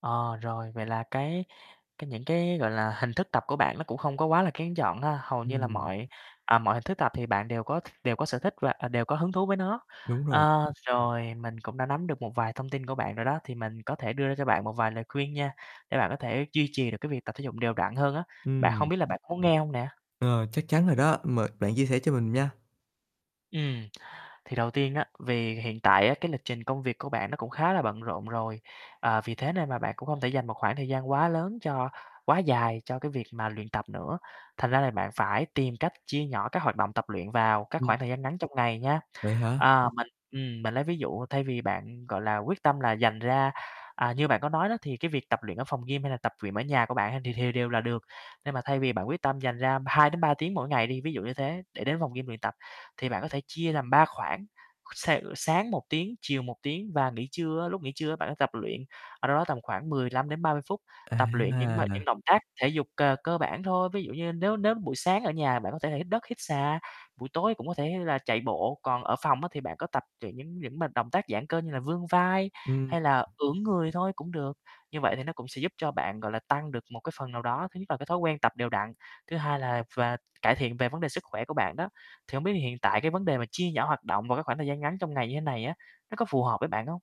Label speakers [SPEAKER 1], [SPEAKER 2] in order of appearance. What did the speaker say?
[SPEAKER 1] Ờ, rồi, vậy là cái cái những cái, gọi là, hình thức tập của bạn nó cũng không có quá là kén chọn ha, hầu như là
[SPEAKER 2] Ừm.
[SPEAKER 1] mọi, à, mọi hình thức tập thì bạn đều có đều có sở thích và, à, đều có hứng thú với nó.
[SPEAKER 2] Đúng rồi.
[SPEAKER 1] Ơ, rồi mình cũng đã nắm được một vài thông tin của bạn rồi đó, thì mình có thể đưa ra cho bạn một vài lời khuyên nha, để bạn có thể duy trì được cái việc tập thể dục đều đặn hơn á. Bạn, hông
[SPEAKER 2] Ừm.
[SPEAKER 1] biết là bạn có muốn nghe hông nè?
[SPEAKER 2] Ờ, chắc chắn rồi đó, mời bạn chia sẻ cho mình nha.
[SPEAKER 1] Ừm. Thì đầu tiên á, vì hiện tại á, cái lịch trình công việc của bạn nó cũng khá là bận rộn rồi, ờ, vì thế nên là bạn cũng không thể dành một khoảng thời gian quá lớn cho quá dài cho cái việc mà luyện tập nữa, thành ra là bạn phải tìm cách chia nhỏ các hoạt động tập luyện vào các
[SPEAKER 2] Ừm.
[SPEAKER 1] khoảng thời gian ngắn trong ngày nha.
[SPEAKER 2] Vậy hả?
[SPEAKER 1] Ơ, mình, ừm, mình lấy ví dụ thay vì bạn, gọi là, quyết tâm là dành ra, à, như bạn có nói đó, thì cái việc tập luyện ở phòng gym, hay là tập luyện ở nhà của bạn thì thì đều là được. Nhưng mà thay vì bạn quyết tâm dành ra 2 đến 3 tiếng mỗi ngày đi, ví dụ như thế, để đến phòng gym luyện tập, thì bạn có thể chia làm 3 khoảng, s sáng 1 tiếng, chiều 1 tiếng và nghỉ trưa á, lúc nghỉ trưa á bạn á tập luyện, ờ, đâu đó tầm khoảng 15 đến 30 phút, tập luyện những bài, những
[SPEAKER 2] À!
[SPEAKER 1] động tác thể dục c cơ bản thôi. Ví dụ như nếu nếu buổi sáng ở nhà bạn có thể là hít đất, hít xà, buổi tối cũng có thể là chạy bộ, còn ở phòng á thì bạn có tập những những những bài động tác giãn cơ như là vươn vai,
[SPEAKER 2] Ừm.
[SPEAKER 1] hay là ưỡn người thôi cũng được. Như vậy thì nó cũng sẽ giúp cho bạn, gọi là, tăng được một cái phần nào đó, thứ nhất là cái thói quen tập đều đặn, thứ hai là về cải thiện về vấn đề sức khỏe của bạn đó. Thì hông biết hiện tại cái vấn đề mà chia nhỏ hoạt động vào cái khoảng thời gian ngắn trong ngày như thế này á, nó có phù hợp với bạn hông?